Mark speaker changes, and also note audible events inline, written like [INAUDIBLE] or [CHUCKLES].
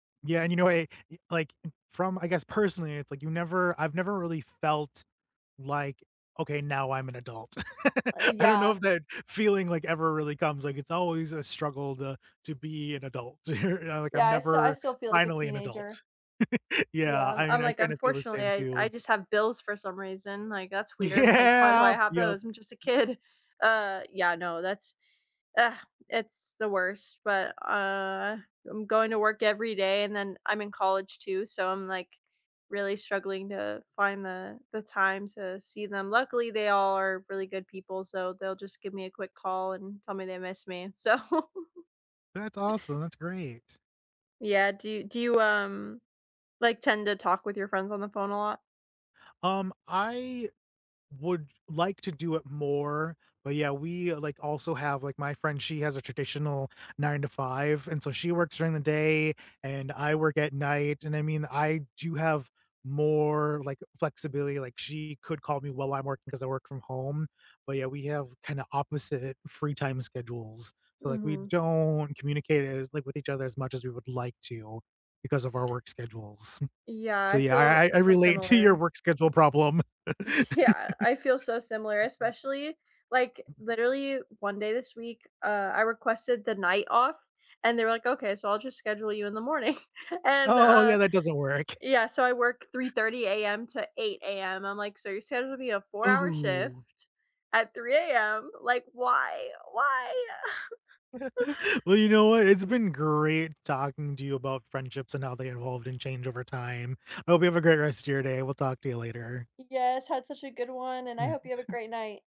Speaker 1: Yeah, and, you know, why
Speaker 2: Uh
Speaker 1: I e like, from I guess, personally, it's like you never I've never really felt, like, "Okay. Now I'm an adult."
Speaker 2: Uh,
Speaker 1: [CHUCKLES] I don't know
Speaker 2: yeah.
Speaker 1: if that feeling, like, ever really comes, like, it's always a struggle to to be an adult. You're not like,
Speaker 2: Yeah.
Speaker 1: "I'm
Speaker 2: I still I
Speaker 1: never
Speaker 2: still feel like a
Speaker 1: finally an adult."
Speaker 2: teenager.
Speaker 1: [LAUGHS]
Speaker 2: Yeah.
Speaker 1: Yeah,
Speaker 2: I'm
Speaker 1: I
Speaker 2: I'm
Speaker 1: mean, I
Speaker 2: like,
Speaker 1: kinda feel the
Speaker 2: unfortunately,
Speaker 1: same,
Speaker 2: I I
Speaker 1: too.
Speaker 2: just have bills for some reason, like, that's weird. Like, "Why do I
Speaker 1: Yeah.
Speaker 2: have
Speaker 1: Yep.
Speaker 2: those? I'm just a kid." Uh. Yeah, no. That's ugh it's the worst but, uh, I'm going to work every day and then, I'm in college, too, so I'm, like, really struggling to find the the time to see them. Luckily, they all are really good people so they'll just give me a quick call and tell me they miss me. So. [CHUCKLES]
Speaker 1: That's awesome. That's great.
Speaker 2: Yeah. Do you do you, um like tend to talk with your friends on the phone a lot?
Speaker 1: Um, I would like to do it more. But yeah, we like, also have, like, my friend, she has a traditional 9 to 5. And so she works during the day, and I work at night. And I mean, I do have more, like, flexibility, like she could call me while I'm working 'cause I work from home. But yeah, we have kinda opposite free time schedules. So like, we
Speaker 2: Mhm.
Speaker 1: don't communicate as like with each other as much as we would like to, because of our work schedules. [CHUCKLES]
Speaker 2: Yeah.
Speaker 1: So
Speaker 2: I
Speaker 1: yeah,
Speaker 2: feel
Speaker 1: I I
Speaker 2: I
Speaker 1: I
Speaker 2: feel
Speaker 1: relate to your
Speaker 2: similar.
Speaker 1: work schedule problem.
Speaker 2: Yeah. I feel so similar,
Speaker 1: [LAUGHS]
Speaker 2: especially, like, literally, one day this week, uh, I requested the night off and they were like, "Okay. So I'll just schedule you in the morning." [CHUCKLES] And,
Speaker 1: Oh, yeah,
Speaker 2: uh
Speaker 1: that doesn't work.
Speaker 2: yeah, so I work 3:30 AM to 8:00 AM. I'm like, "So you're scheduling me a 4 hour
Speaker 1: Ooh.
Speaker 2: shift at 3:00 AM. Like, why? Why?" [CHUCKLES]
Speaker 1: [LAUGHS] Well, you know what? It's been great talking to you about friendships and how they evolved and changed over time. I hope you have a great rest of your day. We'll talk to you later.
Speaker 2: Yes. Had such a good one, and I hope you have a
Speaker 1: [CHUCKLES]
Speaker 2: great night.